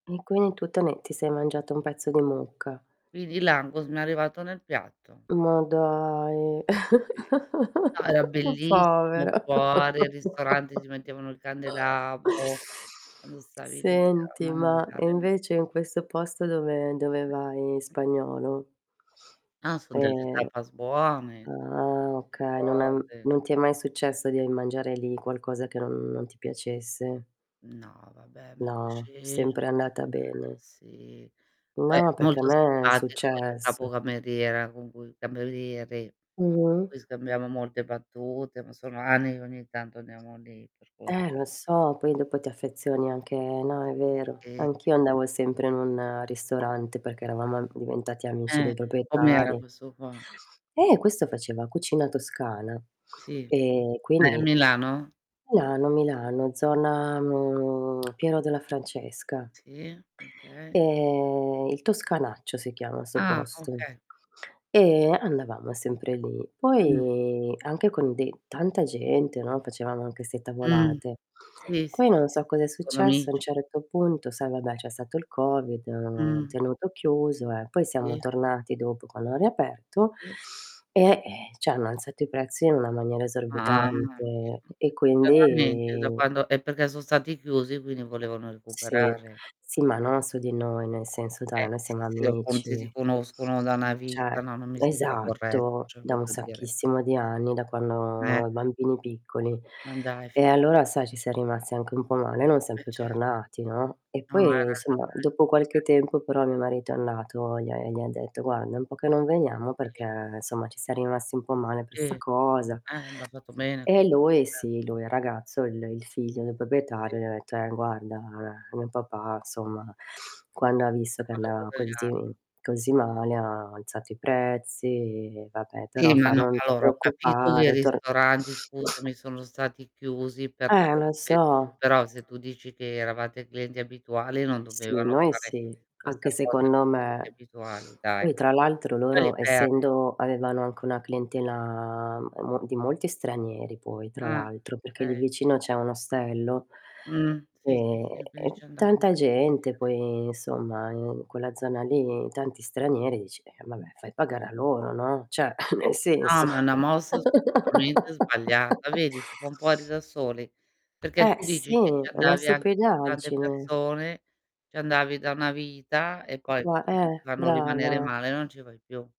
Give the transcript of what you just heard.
[unintelligible] tu te ne ti sei mangiato un pezzo di mucca. Quindi l'Angus mi è arrivato nel piatto. Ma dai, [unintelligible] sì. No, era bellissimo, povera. fuori al ristorante ti mettevano il candelabro quando stavi lì, te la Senti ma, e mangiavi. invece in questo posto dove dove vai? Spagnolo? Ah, son delle Ehm, tapas buone ah, insomma [unintelligible] oka non è cose. non ti è mai successo di mangiare lì qualcosa che non non ti piacesse? No, vabbè ma [unintelligible] No, cioè sempre andata bene. sì. Poi è No, perché a molto me è simpatico il capo successo. cameriera con cui cameriere. Mh-mh. Poi scambiamo molte battute, ma sono anni che ogni tanto andiamo lì per cui Eh, lo so poi dopo ti affezioni anche no, è vero. E Anch'io andavo sempre in un ristorante perché eravamo am diventati amici Eh, e dei com'era proprietari. questo qua? Eh, questo faceva cucina toscana Sì, e ma è quindi, ehm Milano? Milano, Milano, zona, mhmm, Piero della Francesca Sì? Okay. Ehm, il Toscanaccio si chiama 'sto Ah, posto okay. e andavamo sempre lì. Mh. Poi anche con de tanta gente, no, facevamo anche 'ste Mh. tavolate. Sì, sì, sì, Poi non sì, so cosa è sono successo a un amici. certo punto, sai, vabbè, c'è stato il COVID, han Mh. tenuto chiuso, eh. Poi siamo Sì. tornati dopo quando hanno riaperto, Sì. e, ehm, cioè hanno alzato i prezzi in una maniera Mamma mia. esorbitante, e Veramente, da quindi quando è perché sono stati chiusi, quindi volevano Sì, recuperare. sì ma non su di noi, nel senso, Eh, dai, noi sì siamo se [unintelligible] ti amici. conoscono da na Cioè vita, no, non mi sembra corretto, esatto, cioè da voglio un dire. sacchissimo di anni, da Eh. quando bambini piccoli. Ma dai, fi E allora, sai, ci siam rimasti anche un po' male, non siam Beh, più ce tornati, no. E No, ha poi, somma, ragione. dopo qualche Ce tempo però mio marito è andato e gli ha e gli ha detto: "Guarda, è un po' che non veniamo Eh. perché, insomma, ci siam rimasti un po' male per 'sta Eh. cosa". Eh, b ha fatto bene. E lui Beh. sì, lui ragazzo, il il figlio del I. proprietario gli ha detto: "Eh, guarda, mio papà, insomma, quando ha visto che andava così [unintelligible] mi così male ha alzato i prezzi", e vabbè, Sì, però fa: ma no, "Non ti allora, ho capito che i preoccupare, tor" ristoranti, scusami, sono stati chiusi per Eh, tot lo periodo, so, però se però tu dici che eravate clienti abituali non Sì, dovevano noi fare sì, questa anche cosa secondo clienti me. abituali, dai. Poi, tra l'altro, Poi li loro perdi. essendo avevano anche una clientela m e mo di molti stranieri, poi, tra Ah. l'altro, perché lì Okay. vicino c'è un ostello, Mh, sì, sì, ehm, sì, e finisci [unintelligible] tanta gente poi, insomma, in quella zona lì tanti stranieri, dici: "Eh, vabbè, fai pagare a loro, no," cioè Eh nel no, senso ma è una mossa assolutamente sbagliata. Vedi? Si fan fuori da soli, perché Eh, tu sì, dici che ci è una andavi anche con tante stupidaggine. persone, ci andavi da una vita e poi Va eh, [unintelligible] fanno brava! rimanere male e non ci vai più.